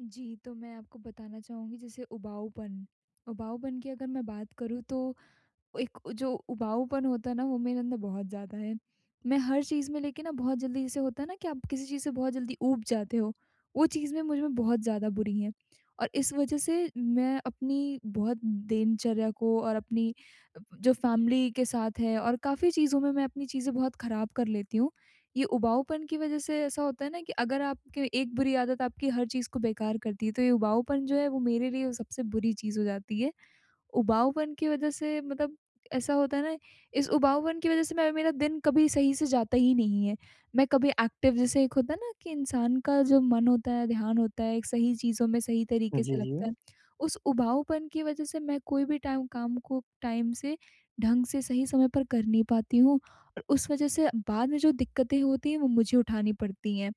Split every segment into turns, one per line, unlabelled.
जी, तो मैं आपको बताना चाहूँगी जैसे उबाऊपन उबाऊपन की अगर मैं बात करूँ तो एक जो उबाऊपन होता है ना, वो मेरे अंदर बहुत ज़्यादा है। मैं हर चीज़ में लेके ना बहुत जल्दी जैसे होता है ना, कि आप किसी चीज़ से बहुत जल्दी ऊब जाते हो वो चीज़ में मुझ में बहुत ज़्यादा बुरी हैं। और इस वज़ह से मैं अपनी बहुत दिनचर्या को और अपनी अ, जो फ़ैमिली के साथ है और काफ़ी चीज़ों में मैं अपनी चीज़ें बहुत ख़राब कर लेती हूँ। ये उबाऊपन की वज़ह से ऐसा होता है ना, कि अगर आपके एक बुरी आदत आपकी हर चीज़ को बेकार करती है, तो ये उबाऊपन जो है वो मेरे लिए सबसे बुरी चीज़ हो जाती है। उबाऊपन की वज़ह से मतलब ऐसा होता है ना इस उबाऊपन की वज़ह से मैं मेरा दिन कभी सही से जाता ही नहीं है। मैं कभी एक्टिव जैसे एक होता है ना, कि इंसान का जो मन होता है, ध्यान होता है एक सही चीज़ों में सही
हुँ।
तरीक़े
जी,
से लगता
जी।
है, उस उबाऊपन की वज़ह से मैं कोई भी टाइम काम को, टाइम से, ढंग से, सही समय पर कर नहीं पाती हूँ और उस वज़ह से बाद में जो दिक्कतें होती हैं वो मुझे उठानी पड़ती हैं।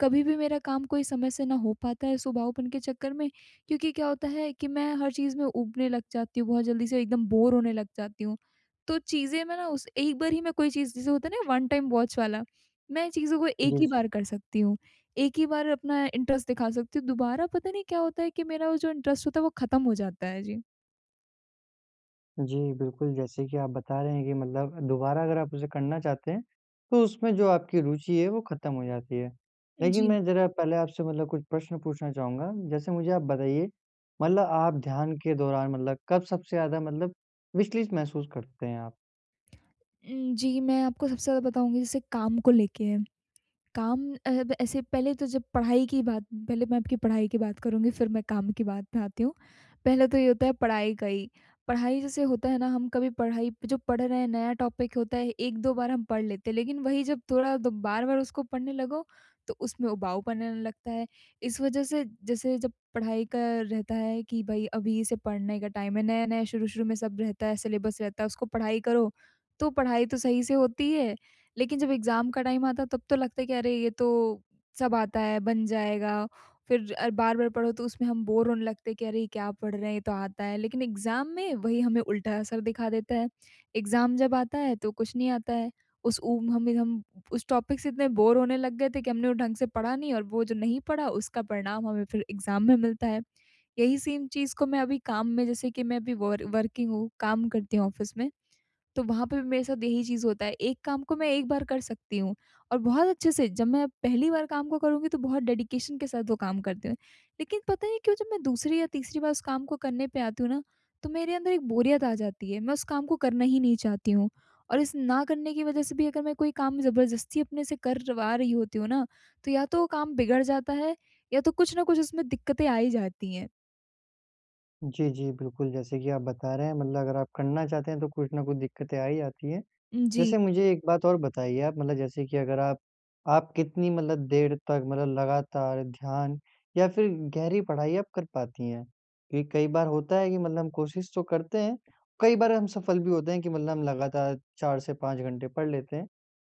कभी भी मेरा काम कोई समय से ना हो पाता है इस उबाऊपन के चक्कर में क्योंकि क्या होता है कि मैं हर चीज़ में ऊबने लग जाती हूँ, बहुत जल्दी से एकदम बोर होने लग जाती हूँ। तो चीज़ें मैं ना उस एक बार ही में कोई चीज़ जैसे होता है ना वन टाइम वॉच वाला, मैं चीज़ों को एक ही
जी।
बार कर सकती हूँ। एक ही बार अपना इंटरेस्ट दिखा सकती हूँ, दोबारा पता नहीं क्या होता है कि मेरा जो इंटरेस्ट होता है वो ख़त्म हो जाता है। जी।
जी, बिल्कुल, जैसे कि आप बता रहे हैं कि मतलब दोबारा अगर आप उसे करना चाहते हैं तो उसमें जो आपकी रुचि है वो ख़त्म हो जाती है। लेकिन
जी।
मैं ज़रा पहले आपसे मतलब कुछ प्रश्न पूछना चाहूँगा? जैसे मुझे आप बताइए मतलब आप ध्यान के दौरान मतलब कब सबसे ज़्यादा मतलब विचलित महसूस करते हैं आप?
उम, जी मैं आपको सबसे ज़्यादा बताऊँगी जैसे काम को लेके है। काम अ, ऐसे पहले तो जब पढ़ाई की बात पहले मैं आपकी पढ़ाई की बात करुँगी फ़िर मैं काम की बात में आती हूँ। पहले तो ये होता है पढ़ाई का ही। पढ़ाई जैसे होता है ना हम कभी पढ़ाई जो पढ़ रहे हैं नया टॉपिक होता है 1-2 बार हम पढ़ लेते हैं। लेकिन वही जब थोड़ा द बार-बार उसको पढ़ने लगो तो उसमें उबाऊ पन आने लगता है। इस वजह से जैसे जब पढ़ाई का रहता है कि भाई अभी इसे पढ़ने का टाइम है नया-नया शुरू-शुरू में सब रहता है सिलेबस रहता है उसको पढ़ाई करो। तो पढ़ाई तो सही से होती है लेकिन जब एग्ज़ाम का टाइम आता है तब तो लगता है कि अरे ये तो सब आता है बन जाएगा। फ़िर अ, बार-बार पढ़ो तो उसमें हम बोर होने लगते हैं कि अरे ये क्या पढ़ रहे हैं ये तो आता है। लेकिन एग्ज़ाम में वही हमें उल्टा असर दिखा देता है। एग्ज़ाम जब आता है तो कुछ नहीं आता है। उस उ हमें हम उस टॉपिक से इतने बोर होने लग गए थे कि हमने वो ढंग से पढ़ा नहीं और वो जो नहीं पढ़ा उसका परिणाम हमें फ़िर एग्ज़ाम में मिलता है। यही सेम चीज़ को मैं अभी काम में जैसे कि मैं अभी वर वर्किंग हूँ, काम करती हूँ ऑफिस में। तो वहाँ पे भी मेरे साथ यही चीज़ होता है, एक काम को मैं एक बार कर सकती हूँ और बहुत अच्छे से जब मैं पहली बार काम को करूँगी तो बहुत डेडिकेशन के साथ वो काम करती हूँ। लेकिन पता नहीं क्यों जब मैं दूसरी या तीसरी बार उस काम को करने पे आती हूँ ना तो मेरे अंदर एक बोरियत आ जाती है। मैं उस काम को करना ही नहीं चाहती हूँ और इस ना करने की वजह से भी अगर मैं कोई काम ज़बरदस्ती अपने से करवा रही होती हूँ ना। तो या तो वो काम बिगड़ जाता है या तो कुछ ना कुछ उसमें दिक्कतें आ ही जाती हैं।
जी, जी, बिल्कुल, जैसे कि आप बता रहे हैं मतलब अगर आप करना चाहते हैं तो कुछ न कुछ दिक्कतें आ ही जाती हैं,
उजी।
जैसे मुझे एक बात और बताइए आप, मतलब जैसे कि अगर आप आप कितनी मतलब देर तक मतलब लगातार ध्यान या फिर गहरी पढ़ाई आप कर पाती हैं? ये कई बार होता है कि मतलब हम कोशिश तो करते हैं, कई बार हम सफल भी होते हैं कि मतलब हम लगातार 4 से 5 घंटे पढ़ लेते हैं,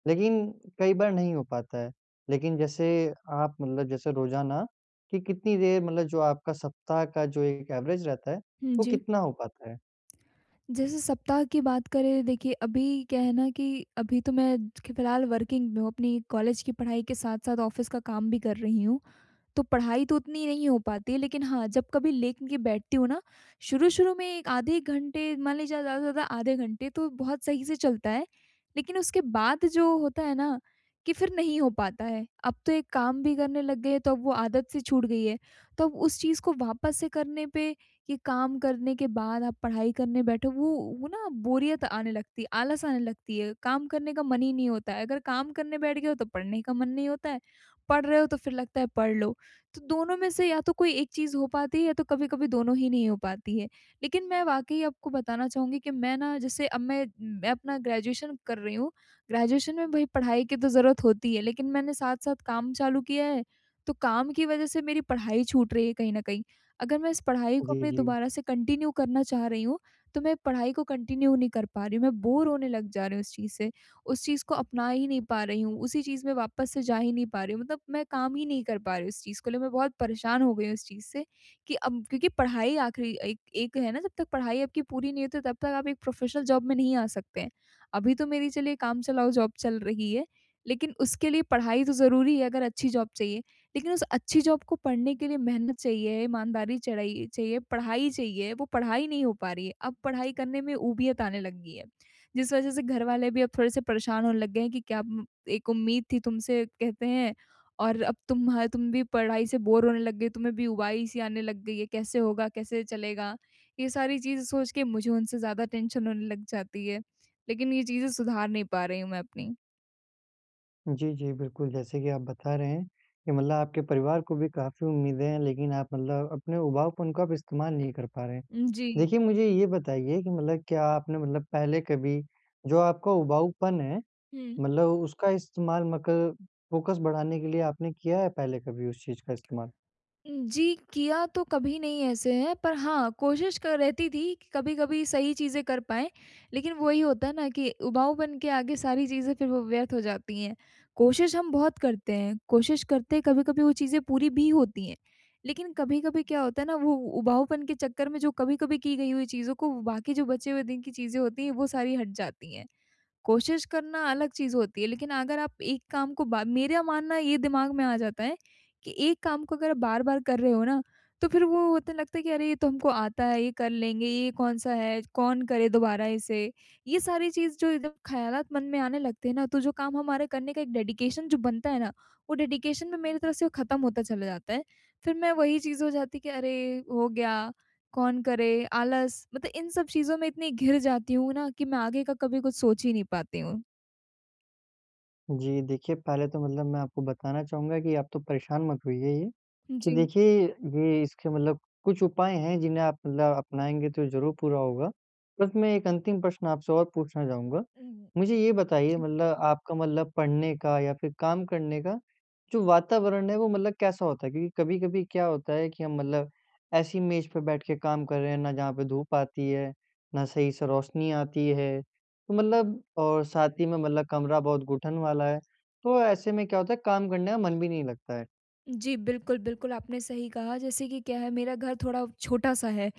लेक़िन कई बार नहीं हो पाता है। लेक़िन जैसे आप मतलब जैसे रोज़ाना की कितनी देर मतलब जो आपका सप्ताह का जो एक एवरेज़ रहता है
हुँ।
वो
जी।
कितना हो पाता है?
जैसे सप्ताह की बात करें, देखिए अभी क्या है ना कि अभी तो मैं फिलहाल वर्किंग में हूँ, अपनी कॉलेज की पढ़ाई के साथ-साथ ऑफ़िस का काम भी कर रही हूँ। तो पढ़ाई तो उतनी नहीं हो पाती है, लेक़िन हाँ, जब कभी लेके बैठती हूँ ना, शुरू-शुरू में 1 आधे घंटे मान लीजिए ज़्यादा से ज़्यादा आधे घंटे तो बहुत सही से चलता है, लेक़िन उसके बाद जो होता है ना कि फिर नहीं हो पाता है। अब तो एक काम भी करने लग गए हैं, तो अब वो आदत सी छूट गई है, तो अब उस चीज़ को वापस से करने पे ये काम करने के बाद आप पढ़ाई करने बैठो, वो वो ना बोरियत आने लगती है, आलस आने लगती है, काम करने का मन ही नहीं होता है, अगर काम करने बैठ गए हो तो पढ़ने का मन नहीं होता है, पढ़ रहे हो तो फिर लगता है पढ़ लो, तो दोनों में से या तो कोई एक चीज़ हो पाती है या तो कभी-कभी दोनों ही नहीं हो पाती है। लेक़िन मैं वाकई आपको बताना चाहूँगी कि मैं ना जैसे अब मैं मैं अपना ग्रेजुएशन कर रही हूँ, ग्रेजुएशन में भई पढ़ाई की तो ज़रूरत होती है, लेक़िन मैंने साथ-साथ काम चालू किया है, तो काम की वज़ह से मेरी पढ़ाई छूट रही है कहीं न कहीं। अगर मैं इस पढ़ाई को
जी,
अपने
जी।
दोबारा से कंटिन्यू करना चाह रही हूँ, तो मैं पढ़ाई को कंटिन्यू नहीं कर पा रही हूँ, मैं बोर होने लग जा रही हूँ इस चीज़ से, उस चीज़ को अपना ही नहीं पा रही हूँ, उसी चीज़ में वापस से जा ही नहीं पा रही हूँ मतलब मैं काम ही नहीं कर पा रही हूँ, इस चीज़ को लिए मैं बहुत परेशान हो गई हूँ इस चीज़ से कि अब क्योंकि पढ़ाई आखिरी एक एक है ना, जब तक पढ़ाई आपकी पूरी नहीं होती है, तब तक आप एक प्रोफ़ेशनल जॉब में नहीं आ सकते हैं। अभी तो मेरी चलिए काम चलाऊ जॉब चल रही है, लेकिन उसके लिए पढ़ाई तो ज़रूरी है, अगर अच्छी जॉब चाहिए। लेकिन उस अच्छी जॉब को पढ़ने के लिए मेहनत चाहिए, ईमानदारी चढ़ाई चाहिए, पढ़ाई चाहिए, वो पढ़ाई नहीं हो पा रही है। अब पढ़ाई करने में ऊबियत आने लग गई है, जिस वज़ह से घरवाले भी अब थोड़े-से परेशान होने लग गए हैं कि क्या एक उम्मीद थी तुमसे कहते हैं और अब तुम ह तुम भी पढ़ाई से बोर होने लग गई हो, तुम्हें भी ऊबाई-सी आने लग गई है। कैसे होगा, कैसे चलेगा? ये सारी चीज़ें सोच के मुझे उनसे ज़्यादा टेंशन होने लग जाती है। लेक़िन ये चीज़ें सुधार नहीं पा रही हूँ मैं अपनी।
जी, जी, बिल्कुल जैसे कि आप बता रहे हैं कि मतलब आपके परिवार को भी काफ़ी उम्मीदें हैं, लेक़िन आप मतलब अपने उबाऊपन को आप इस्तेमाल नहीं कर पा रहे हैं,
उम, जी।
देखिए मुझे ये बताइए कि मतलब क्या आपने मतलब पहले कभी जो आपका उबाऊपन है,
हुँ।
मतलब उसका इस्तेमाल मकल फ़ोकस बढ़ाने के लिए आपने किया है पहले कभी उस चीज़ का इस्तेमाल?
जी, किया तो कभी नहीं ऐसे है पर हाँ, कोशिश क रहती थी कि कभी-कभी सही चीज़ें कर पाएँ, लेक़िन वही होता है ना कि उबाऊपन के आगे सारी चीज़ें फ़िर वो व्यर्थ हो जाती हैं। कोशिश हम बहुत करते हैं, कोशिश करते हैं कभी-कभी वो चीज़ें पूरी भी होती हैं, लेक़िन कभी-कभी क्या होता है ना वो उबाऊपन के चक्कर में जो कभी-कभी की गई हुई चीज़ों को बाकी जो बचे हुए दिन की चीज़ें होती हैं, वो सारी हट जाती हैं। कोशिश करना अलग चीज़ होती है। लेक़िन अगर आप एक काम को बा मेरा मानना ये दिमाग में आ जाता है कि एक काम को अगर आप बार-बार कर रहे हो ना, तो फ़िर वो होता है लगता है कि अरे, ये तो हमको आता है, ये कर लेंगे, ये कौन-सा है, कौन करे दोबारा इसे? ये सारी चीज़ जो एकदम ख़यालात, मन में आने लगते हैं ना तो जो काम हमारे करने का एक डेडिकेशन जो बनता है ना, वो डेडिकेशन में मेरी तरफ़ से ख़त्म होता चला जाता है। फ़िर मैं वही चीज़ हो जाती कि अरे! हो गया, कौन करे आलस मतलब इन सब चीजों में इतनी घिर जाती हूँ ना कि मैं आगे का कभी कुछ सोच ही नहीं पाती हूँ।
जी, देखिए पहले तो मतलब मैं आपको बताना चाहूँगा की आप तो परेशान मत होइए ये कि
जी।
देखिए, ये इसके मतलब कुछ उपाय हैं, जिन्हें आप मतलब अपनाएँगे तो ज़रूर पूरा होगा। बस मैं एक अंतिम प्रश्न आपसे और पूछना चाहूँगा
उ,
मुझे ये बताइए
जी।
मतलब आपका मतलब पढ़ने का या फिर काम करने का, जो वातावरण है वो मतलब कैसा होता है? क्योंकि कभी-कभी क्या होता है कि हम मतलब ऐसी मेज़ पे बैठ के काम कर रहे हैं ना, जहाँ पे धूप आती है, ना सही से रोशनी आती है। तो मतलब और साथ ही में मतलब कमरा बहुत घुटन वाला है तो ऐसे में क्या होता है काम करने का मन भी नहीं लगता है।
जी, बिल्कुल, बिल्कुल आपने सही कहा जैसे कि क्या है मेरा घर थोड़ा छोटा-सा है,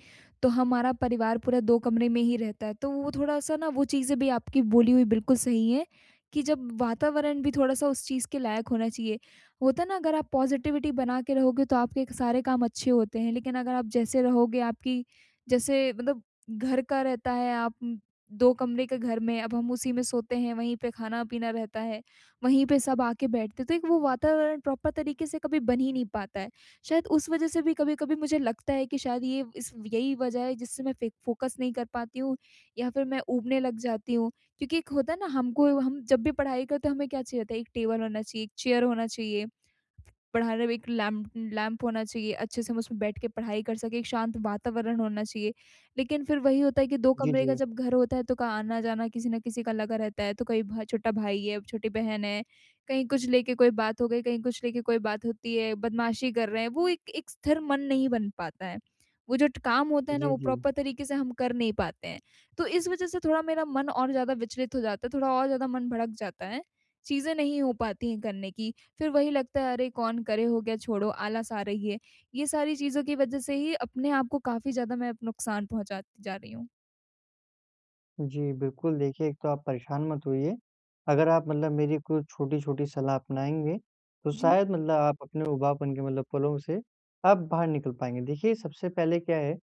तो हमारा परिवार पूरा 2 कमरे में ही रहता है तो वो थोड़ा-सा ना वो चीज़ें भी आपकी बोली हुई बिल्कुल सही हैं कि जब वातावरण भी थोड़ा-सा उस चीज़ के लायक होना चाहिए, वो होता ना अगर आप पॉज़िटिविटी बना के रहोगे तो आपके क सारे काम अच्छे होते हैं, लेकिन अगर आप जैसे रहोगे आपकी जैसे मतलब घर का रहता है आप उ, 2 कमरे के घर में अब हम उसी में सोते हैं, वहीं पे खाना-पीना रहता है, वहीं पे सब आ के बैठते हैं, तो एक वो वातावरण प्रॉपर तरीके से कभी बन ही नहीं पाता है। शायद उस वजह से भी कभी-कभी मुझे लगता है कि शायद ये इस यही वजह है जिससे मैं फे फोकस नहीं कर पाती हूँ या फिर मैं ऊबने लग जाती हूँ क्योंकि एक होता है ना, हमको हम जब भी पढ़ाई करते हैं हमें क्या चाहिए होता है, एक टेबल होना चाहिए, एक चेयर होना चाहिए, पढ़ाई में एक लैं लैंप होना चाहिए, अच्छे से हम उसमें बैठ के पढ़ाई कर सके, एक शांत वातावरण होना चाहिए। लेकिन फिर वही होता है कि 2
जी,
कमरे का
जी।
जब घर होता है, तो क आना-जाना किसी न किसी का लगा रहता है तो कहीं भ छोटा भाई है, छोटी बहन है कहीं कुछ लेके कोई बात हो गई, कहीं कुछ लेके कोई बात होती है। बदमाशी कर रहे हैं, वो एक एक स्थिर मन नहीं बन पाता है। वो जो ट काम होता है ना
जी,
वो
जी।
प्रॉपर तरीके से हम कर नहीं पाते हैं। तो इस वजह से थोड़ा मेरा मन और ज़्यादा विचलित हो जाता है, थोड़ा और ज़्यादा मन भड़क जाता है। चीज़ें नहीं हो पाती है करने की। फिर वही लगता है अरे! कौन करे हो गया छोड़ो, आलस आ रही है, ये सारी चीज़ों की वजह से ही अपने आप को काफ़ी ज़्यादा मैं नुकसान पहुँचाती जा रही हूँ।
जी, बिल्कुल देखिए एक तो आप परेशान मत होइए अगर आप मतलब मेरी कोई छोटी-छोटी सलाह अपनाएँगे, तो
जी।
शायद मतलब आप अपने उबाऊपन के मतलब पलों से आप बाहर निकल पाएँगे। देखिए सबसे पहले क्या है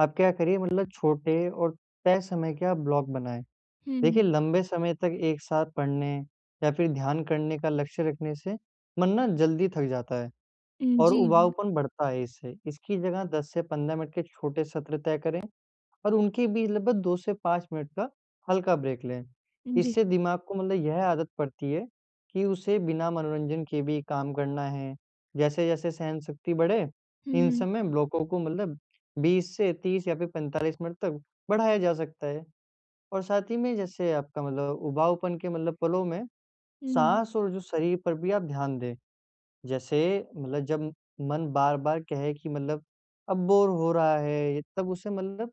आप क्या करिए मतलब छोटे और तय समय के आप ब्लॉक बनाएँ, देखिए
हुँ।
लंबे समय तक एक साथ पढ़ने या फ़िर ध्यान करने का लक्ष्य रखने से मन ना जल्दी थक जाता है और
उजी।
उबाऊपन बढ़ता है इससे। इसकी जगह 10 से 15 मिनट के छोटे सत्र तय करें और उनकी भी लगभग 2 से 5 मिनट तक का हल्का ब्रेक लें,
जी।
इससे दिमाग को मतलब यह आदत पड़ती है कि उसे बिना मनोरंजन के भी काम करना है। जैसे-जैसे सहन-शक्ति बढ़े
हुँ,
इन
हुँ।
सब में ब्लॉकों को मतलब 20 से 30 या फ़िर 45 मिनट तक बढ़ाया जा सकता है। और साथ ही में जैसे आपका मतलब उबाऊपन के मतलब पलों में
हुँ।
साँस और जो शरीर पर भी आप ध्यान दें। जैसे मतलब जब मन बार-बार कहें कि मतलब अब बोर हो रहा है, तब उसे मतलब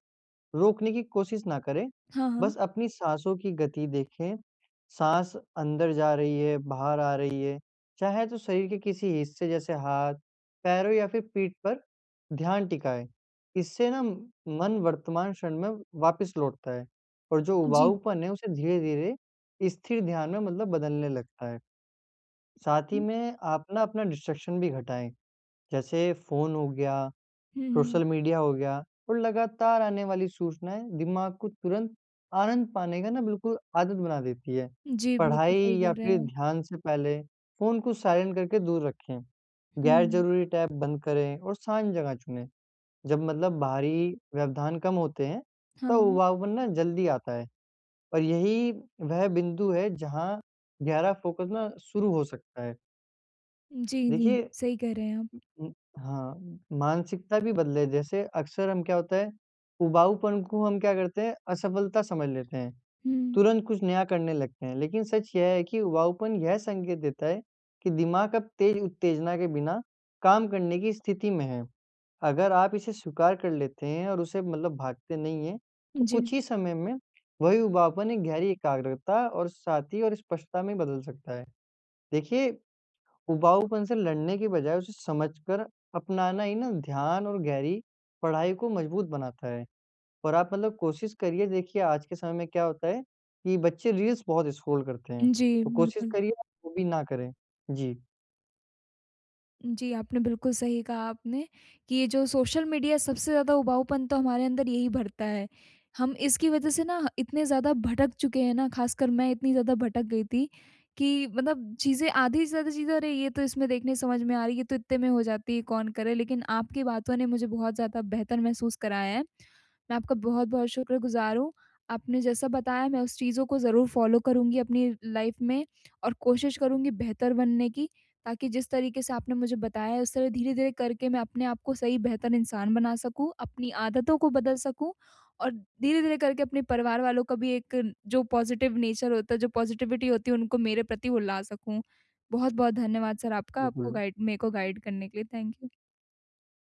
रोकने की कोशिश ना करे।
हाँ, हाँ।
बस अपनी साँसों की गति देखें, साँस अंदर जा रही है, बाहर आ रही है, चाहे तो शरीर के किसी हिस्से जैसे हाथ, पैरों या फ़िर पीठ पर ध्यान टिकाए, इससे ना मन वर्तमान क्षण में वापस लौटता है और जो
जी।
उबाऊपन है, उसे धीरे-धीरे स्थिर ध्यान में मतलब बदलने लगता है। साथ ही में आप ना अपना डिस्ट्रैक्शन भी घटाएँ, जैसे फ़ोन हो गया,
हुँ, हुँ।
सोशल मीडिया हो गया और लगातार आने वाली सूचनाएँ दिमाग को तुरंत आनंद पाने का ना बिल्कुल आदत बना देती है।
जी, बिल्कुल
पढ़ाई
सही कह
या
रहे
फ़िर
हैं।
ध्यान से पहले फ़ोन को साइलेंट करके दूर रखें, गैर
हुँ।
ज़रूरी टैब बंद करें और शांत जगह चुनें। जब मतलब बाहरी व्यवधान कम होते हैं, तब
हाँ।
उबाऊपन ना जल्दी आता है और यही वह बिंदु है जहाँ गहरा फ़ोकस ना शुरू हो सकता है।
जी, जी।
देखिए
सही कह रहे हैं आप।
उ, उम, हाँ। मानसिकता भी बदले, जैसे अक्सर हम क्या होता है, उबाऊपन को हम क्या करते हैं असफलता समझ लेते हैं।
हुँ।
तुरंत कुछ नया करने लगते हैं, लेकिन सच यह है कि उबाऊपन यह संकेत देता है कि दिमाग अब तेज़ उत्तेजना के बिना काम करने की स्थिति में है। अगर आप इसे स्वीकार कर लेते हैं और उसे मतलब भागते नहीं है तो कुछ
जी।
ही समय में वही उबाऊपन एक गहरी एकाग्रता और साथी और स्पष्टता में बदल सकता है। देखिए, उबाऊपन से लड़ने की बजाय उसे समझकर अपनाना ही ना ध्यान और गहरी पढ़ाई को मज़बूत बनाता है। और आप मतलब कोशिश करिए देखिए आज के समय में क्या होता है, कि बच्चे रील्स बहुत स्क्रॉल करते हैं।
जी,
तो कोशिश
बिल्कुल।
करिए वो भी ना करें। जी।
जी, आपने बिल्कुल सही कहा आपने। कि ये जो सोशल मीडिया सबसे ज़्यादा उबाऊपन तो हमारे अंदर यही भरता है। हम इसकी वजह से ना इतने ज़्यादा भटक चुके हैं ना, ख़ासकर मैं इतनी ज़्यादा भटक गई थी, कि मतलब चीज़ें आधी से ज़्यादा चीज़ें अरे ये तो इसमें देखने समझ में आ रही है ये तो इतने में हो जाती है, कौन करे? लेकिन आपकी बातों ने मुझे बहुत ज़्यादा बेहतर महसूस कराया है। मैं आपका बहुत-बहुत शुक्रगुज़ार हूँ। आपने जैसा बताया मैं उस चीज़ों को ज़रूर फॉलो करूँगी अपनी लाइफ़ में और कोशिश करूँगी बेहतर बनने की, ताकि जिस तरीके से आपने मुझे बताया है उस तरह धीरे-धीरे करके मैं अपने आप को सही बेहतर इंसान बना सकूँ, अपनी आदतों को बदल सकूँ। और धीरे-धीरे करके अपने परिवार वालों का भी एक जो पॉज़िटिव नेचर होता है जो पॉज़िटिविटी होती है उनको मेरे प्रति वो ला सकूँ। बहुत-बहुत धन्यवाद सर आपका,
हुँ,
आपको
हुँ।
गाइड मेरे को गाइड करने के लिए थैंक यू।